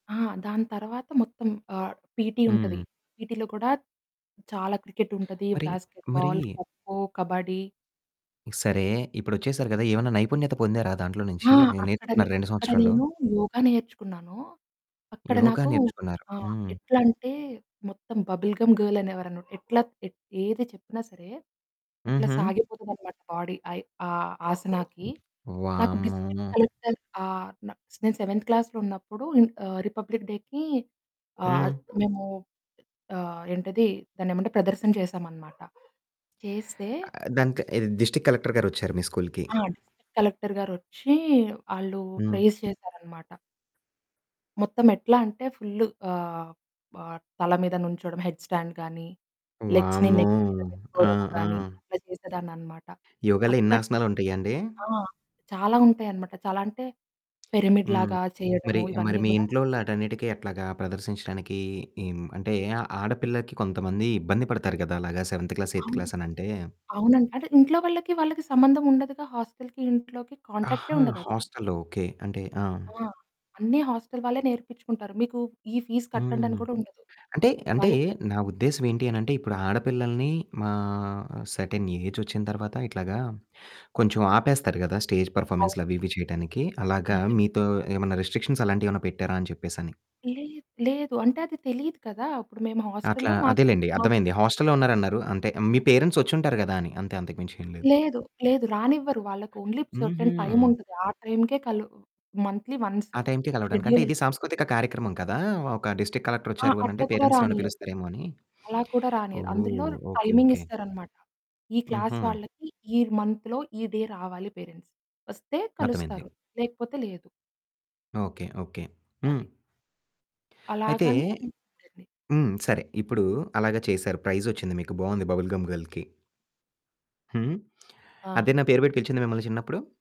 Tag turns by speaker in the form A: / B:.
A: ఆ! దాని తర్వాత మొత్తం ఆహ్, పీటీ ఉంటది.
B: హ్మ్.
A: పీటీలో కూడా చాలా క్రికెటుంటది,
B: మరి, మరి
A: బాస్కెట్బాల్, ఖోఖో, కబడ్డీ.
B: సరే, ఇప్పుడొచ్చేసారు కదా! ఏమన్నా నైపుణ్యత పొందారా దాంట్లో
A: ఆ!
B: నుంచి, నేను
A: అక్కడ
B: నేర్చుకున్న
A: నే
B: 2
A: అక్కడ
B: సంవత్సరాల్లో?
A: నేను యోగా నేర్చుకున్నాను. అక్కడ
B: యోగ
A: నాకు
B: నేర్చుకున్నారు.
A: ఆ!
B: హ్మ్.
A: ఎట్లా అంటే, మొత్తం బబుల్ గమ్ గర్ల్ అనేవారన్నమాట. ఎట్లా, ఏది చెప్పినా సరే, అట్లా
B: హుహు.
A: సాగిపోతదనమాట బాడీ. అయ్ ఆ ఆసనాకి. నాకు డిస్ట్రిక్ట్
B: వామ్మో!
A: కలెక్టర్. ఆహ్, నా నేను సెవెంత్ క్లాస్‌లో ఉన్నప్పుడు ఆహ్, రిపబ్లిక్ డేకి ఆహ్,
B: హ్మ్.
A: మేము ఆహ్, ఏంటది దాన్ని ఏమంటే, ప్రదర్శన చేసామనమాట. చేస్తే
B: ఆ దానికి ఏది డిస్ట్రిక్ట్ కలెక్టర్ గారొచ్చారు మీ స్కూలుకి.
A: ఆ! డిస్ట్రిక్ట్ కలెక్టర్ గారొచ్చి, ఆళ్ళు
B: హ్మ్.
A: ప్రైజ్ చేసారన్నమాట. మొత్తం ఎట్లా అంటే, ఫుల్లు ఆహ్, ఆహ్, తల మీద నించోవడం హెడ్స్ స్టాండ్ కానీ, లెగ్స్‌ని
B: వామ్మో!
A: నెక్ మీద
B: ఆ!
A: పెట్టుకోవడం కానీ,
B: ఆ!
A: అట్లా చేసేదాన్ని అన్నమాట.
B: యోగాలో ఇన్ని
A: అక్కడ,
B: ఆసనాలు ఉంటాయండి?
A: ఆ! చాలా ఉంటాయన్నమాట. చాలా అంటే పిరమిడ్
B: హ్మ్.
A: లాగా
B: మరి,
A: చేయడము
B: మరి
A: ఇవన్నీ
B: మీ
A: కూడా
B: ఇంట్లో వాటన్నిటికి ఎట్లాగా ప్రదర్శించడానికి హ్మ్, అంటే ఆడపిల్లకి కొంతమంది ఇబ్బంది పడతారు కదా! అలాగా సెవెంత్ క్లాస్, ఎయిత్
A: అవును.
B: క్లాస్ అని అంటే?
A: అవునండి. అంటే ఇంట్లో వాళ్ళకి, వాళ్ళకి సంబంధం ఉండదుగా. హోస్టల్‌కి ఇంట్లోకి కాంటాక్టే
B: ఆహా!
A: ఉండదసలు.
B: హోస్టల్‌లో. ఓకే. అంటే ఆ!
A: ఆ! అన్ని హోస్టల్ వాళ్ళే నేర్పించుకుంటారు. మీకు ఈ ఫీస్ కట్టండని
B: హ్మ్.
A: కూడా ఉండదు.
B: అంటే, అంటే
A: వాళ్ళే
B: నా ఉద్దేశం ఏంటి అని అంటే, ఇప్పుడు ఆడపిల్లల్ని మా సెర్టైన్ ఏజ్ వొచ్చిన తరువాత, ఇట్లాగా కొంచెం ఆపేస్తారు కదా! స్టేజ్ పెర్ఫార్మన్స్‌లు,
A: అవును.
B: అవి, ఇవి చేయడానికి. అలాగా
A: నిజమే.
B: మీతో ఏమైనా రిస్ట్రిక్షన్స్ అలాంటివేమన్నా పెట్టారా అని చెప్పేసి అని.
A: లేద్ లేదు. అంటే అది తెలియదు కదా! అప్పుడు మేము
B: అట్లా
A: హోస్టల్‌లో మాకు.
B: అదేలెండి అర్థమైంది.
A: [unintelligible]
B: హోస్టల్‌లో ఉన్నారన్నారు. అంటే మీ పేరెంట్స్ వొచ్చి ఉంటారు గదా! అని అంతే. అంతకు మించి ఏమి లేదు.
A: లేదు. లేదు. రానివ్వరు. వాళ్ళకి ఓన్లీ
B: హుహు.
A: సెర్టైన్ టైముంటది. ఆ టైమ్‌కే కలు మంత్లీ వన్స్
B: ఆ టైంకి కలవడానికి. అంటే ఇది
A: షెడ్యూలేస్తారు.
B: సాంస్కృతిక కార్యక్రమం కదా! ఒక డిస్ట్రిక్ట్ కలెక్టర్
A: ఆ!
B: వొచ్చారు అనంటే,
A: అట్లా కూడా
B: పేరెంట్స్ నన్ను
A: రానీయరు.
B: పిలుస్తారేమో అని.
A: అలా కూడా రానివ్వరు.
B: ఓహ్!
A: అందులో
B: ఓకే,
A: టైమింగ్
B: ఓకే.
A: ఇస్తారన్నమాట. ఈ క్లాస్
B: హుహు.
A: వాళ్ళకి, ఈ మంత్‌లో, ఈ డే రావాలి పేరెంట్స్ వొస్తే
B: అర్ధమైంది.
A: కలుస్తారు. లేకపోతే లేదు.
B: ఓకే. ఓకే. హ్మ్.
A: అది.
B: అయితే
A: అలాగని [unintelligible]
B: హ్మ్, సరే ఇప్పుడు అలాగా చేసారు. ప్రైజ్ వొచ్చింది మీకు. బాగుంది బబుల్ గమ్ గర్ల్‌కి. హ్మ్.
A: ఆ!
B: అదేనా పేరు పెట్టి పిలిచింది మిమ్మల్ని చిన్నప్పుడు?